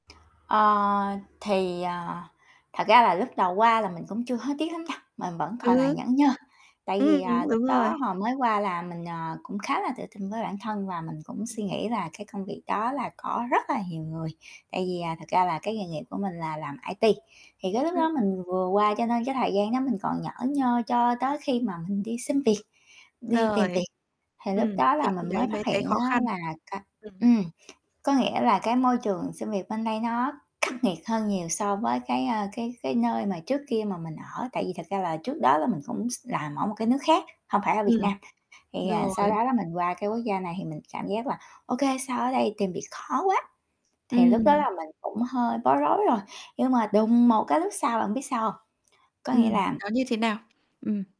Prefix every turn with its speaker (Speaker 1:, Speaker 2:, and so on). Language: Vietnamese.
Speaker 1: Ờ, thì, ờ, thật ra là lúc đầu qua là mình cũng chưa hối tiếc lắm nha, mình vẫn
Speaker 2: Ừm
Speaker 1: còn là
Speaker 2: hứm.
Speaker 1: nhởn nhơ. Tại vì,
Speaker 2: Ừm,
Speaker 1: à,
Speaker 2: đúng,
Speaker 1: lúc
Speaker 2: đúng rồi.
Speaker 1: đó hồi mới qua là mình, ờ, cũng khá là tự tin với bản thân và mình cũng suy nghĩ là cái công việc đó là có rất là nhiều người, tại vì, à, thật ra là cái nghề nghiệp của mình là làm IT. Thì cái lúc
Speaker 2: Ừm.
Speaker 1: đó mình vừa qua cho nên cái thời gian đó mình còn nhởn nhơ, cho tới khi mà mình đi xin việc, đi tìm
Speaker 2: Rồi,
Speaker 1: việc thì lúc
Speaker 2: ừm,
Speaker 1: đó là
Speaker 2: thì khi
Speaker 1: mình mới
Speaker 2: đấy mới
Speaker 1: phát
Speaker 2: thấy
Speaker 1: hiện
Speaker 2: khó
Speaker 1: á
Speaker 2: khăn.
Speaker 1: là cái
Speaker 2: Ừm.
Speaker 1: ừm, có nghĩa là cái môi trường xin việc bên đây nó khắc nghiệt hơn nhiều so với cái, a, cái cái nơi mà trước kia mà mình ở. Tại vì thật ra là trước đó là mình cũng x làm ở một cái nước khác, hông phải ở Việt
Speaker 2: Ừm.
Speaker 1: Nam. Thì, ờ, sau
Speaker 2: Rồi.
Speaker 1: đó là mình qua cái quốc gia này thì mình cảm giác là, ô kê, sao ở đây tìm việc khó quá. Thì lúc đó
Speaker 2: Ừm.
Speaker 1: là mình cũng hơi bối rối rồi, nhưng mà đùng một cái lúc sau là bạn biết sao hông? Có nghĩa
Speaker 2: Ừm,
Speaker 1: là
Speaker 2: nó như thế nào? Ừm.